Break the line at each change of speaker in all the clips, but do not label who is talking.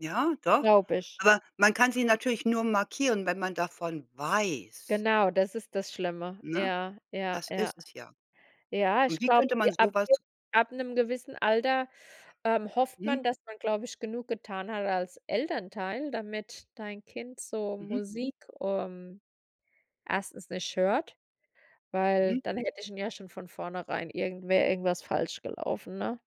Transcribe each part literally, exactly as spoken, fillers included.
Ja, doch.
Glaube ich.
Aber man kann sie natürlich nur markieren, wenn man davon weiß.
Genau, das ist das Schlimme.
Ne?
Ja, ja,
Das
ja.
ist es ja.
Ja,
Und
ich
wie
glaube,
könnte
j
man so
ab
was
j ab 'nem gewissen Alter, ähm, hofft
Mhm.
man, dass man, glaube ich, genug getan hat als Elternteil, damit dein Kind so
Mhm.
Musik, ähm, erstens nicht hört, weil
Mhm.
dann hätte ich ihn ja schon von vornherein irgendwer irgendwas falsch gelaufen, ne?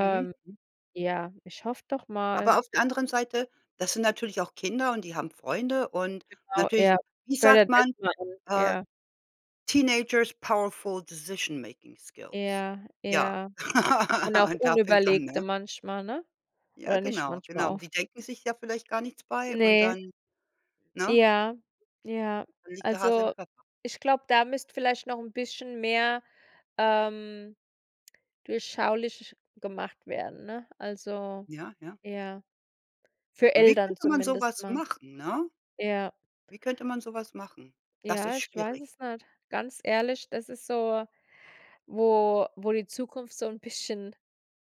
Mhm. Hm.
ja, ich hoffe doch
Aber
mal.
auf der anderen Seite, das sind natürlich auch Kinder und die haben Freunde und
Genau,
natürlich,
ja,
wie sagt
[unintelligible]
man,
machen,
äh:
ja.
„Teenagers powerful decision making skills.“
Ja,
Ja,
ja. Und auch
da fängt's an,
unüberlegte
ne?
manchmal, ne?
Ja,
Oder nicht
genau,
manchmal,
genau.
oft.
Die denken sich ja vielleicht gar nichts bei und
Ne.
dann, ne?
Ja, ja.
Da liegt der Hase im
Also,
Pfeffer.
ich glaube, da müsste vielleicht noch 'n bisschen mehr, ähm, durchschaulich gemacht werden, ne? Also,
Ja, ja.
ja, für
Wie
Eltern
könnte man so
zumindest
was
mal.
machen, ne?
Ja.
Wie könnte man so was machen? Das ist
Ja, ich weiß
schwierig.
es nicht. Ganz ehrlich, das ist so, wo wo die Zukunft so 'n bisschen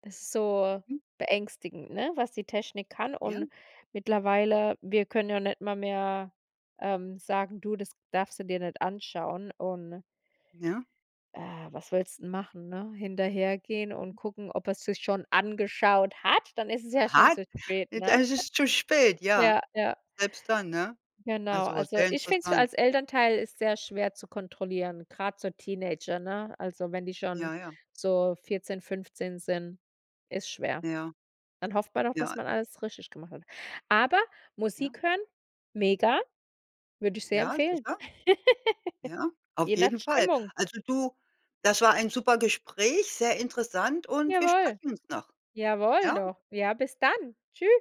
so
Mhm.
beängstigend ne, was die Technik kann.
Ja.
Und mittlerweile, wir können ja nicht mal mehr, ähm, sagen: „Du, das darfst du dir nicht anschauen.“ und
Ja.
Äh, was willst denn machen, ne? Hinterhergehen und
Mhm.
gucken, ob er's sich schon angeschaut hat, dann ist es ja schon
Hat?
zu spät, ne?
Das ist zu spät, ja.
Ja, ja.
Selbst dann, ne?
Genau.
Also,
Also,
sehr
ich finde es f
interessant.
als Elternteil ist sehr schwer zu kontrollieren, grad so Teenager, ne? Also, wenn die schon
Ja, ja.
so vierzehn, fünfzehn sind, ist schwer.
Ja.
Dann hofft man doch, dass
Ja.
man alles richtig gemacht hat. Aber
Ja.
Musik hören, mega, würde ich sehr
Ja.
empfehlen.
Sicher. Ja, auf
Je nach
jeden Fall.
Stimmung.
Also, du, das war ein super Gespräch, sehr interessant und wir
Jawohl.
sprechen uns noch,
Jawohl
ja?
doch. Ja, bis dann. Tschü